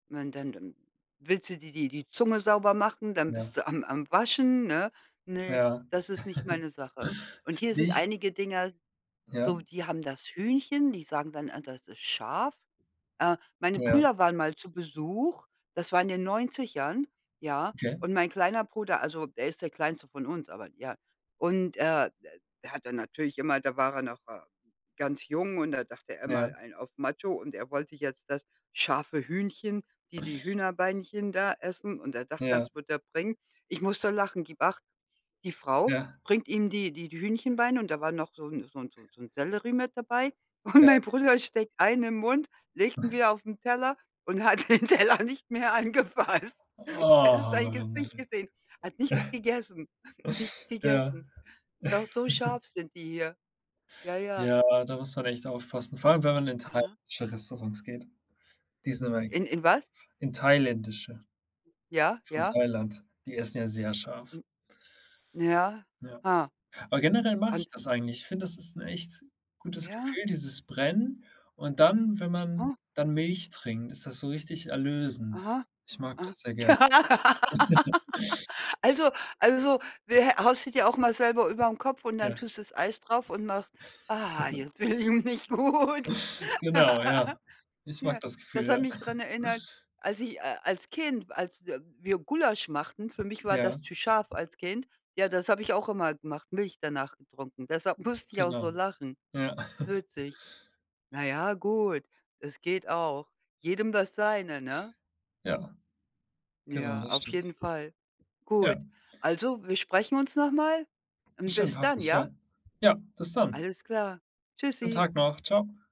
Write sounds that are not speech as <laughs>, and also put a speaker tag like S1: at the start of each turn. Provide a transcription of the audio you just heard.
S1: Wann denn denn willst du dir die die Zunge sauber machen, dann bist
S2: Ja.
S1: du am am Waschen, ne? Ne,
S2: Ja.
S1: das ist nicht
S2: <chuckles>
S1: meine Sache. Und hier sind
S2: Nicht
S1: einige Dinger so,
S2: Ja.
S1: die haben das Hühnchen, die sagen dann: „Ah, das ist scharf.“ Äh, meine
S2: Ja.
S1: Brüder waren mal zu Besuch, das war in den 90ern, ja.
S2: Okay.
S1: Und mein kleiner Bruder also, der ist der kleinste von uns, aber ja. Und, äh, d er hat dann natürlich immer, da war er noch, äh, ganz jung und da dachte er,
S2: Ja.
S1: „mal einen auf Macho“, und er wollte jetzt das scharfe Hühnchen, die die Hühnerbeinchen da essen und er dachte,
S2: Ja.
S1: das wird er bringen. Ich muss so lachen, gibt acht, die Frau
S2: Ja.
S1: bringt ihm die die die Hühnchenbeine und da war noch so 'n so 'n so 'n Sellerie mit dabei und
S2: Ja.
S1: mein Bruder steckt einen im Mund, legt ihn
S2: <snorts>
S1: wieder auf den Teller und hat den Teller nicht mehr angefasst. Hättest
S2: Oh,
S1: sein
S2: man,
S1: Gesicht
S2: ey.
S1: gesehen, hat nichts gegessen nichts
S2: <snorts> Äh, ja.
S1: gegessen. Doch so
S2: <chuckles>
S1: scharf sind die hier. Ja, ja.
S2: Ja, da muss man echt aufpassen, vor allem, wenn man in
S1: Aha.
S2: thailändische Restaurants geht. Die sind immer ex
S1: In in was?
S2: in thailändische
S1: Ja,
S2: von
S1: ja.
S2: Thailand. Die essen ja sehr scharf.
S1: Hm. Ja.
S2: Ja.
S1: Ha.
S2: Aber generell mag
S1: Und
S2: ich das eigentlich. Ich finde, das ist 'n echt gutes
S1: Ja.
S2: Gefühl, dieses Brennen. Und dann, wenn man
S1: Ha.
S2: dann Milch trinkt, ist das so richtig erlösend.
S1: Aha.
S2: Ich mag
S1: Ah,
S2: das sehr gerne. <laughs>
S1: <laughs> also also, wä haust du dir auch mal selber über den Kopf und dann
S2: Ja.
S1: tust du das Eis drauf und machst: „Ah, jetzt
S2: <laughs>
S1: fühle ich mich gut."
S2: Genau, ja.
S1: <laughs>
S2: Ich mag
S1: Ja,
S2: das
S1: das
S2: Gefühl, ja.
S1: hat mich dran
S2: <snorts>
S1: erinnert, als ich a als Kind, als w wir Gulasch machten, für mich war das
S2: Ja.
S1: zu scharf als Kind. Ja, das habe ich auch immer gemacht, Milch danach getrunken. Deshalb musste ich auch so
S2: Genau.
S1: lachen.
S2: Ja.
S1: Ist
S2: <chuckles>
S1: witzig. Na ja, gut. Es geht auch. Jedem das seine, ne?
S2: Ja. Genau,
S1: Ja,
S2: das
S1: auf
S2: stimmt.
S1: jeden Fall. Gut,
S2: Ja.
S1: also, wir sprechen uns noch mal, und
S2: Bestimmt.
S1: bis
S2: Hoffe
S1: dann,
S2: ich, ja.
S1: ja?
S2: Ja, bis dann.
S1: Alles klar,
S2: Schönen
S1: tschüssi.
S2: Tag noch. Tschau.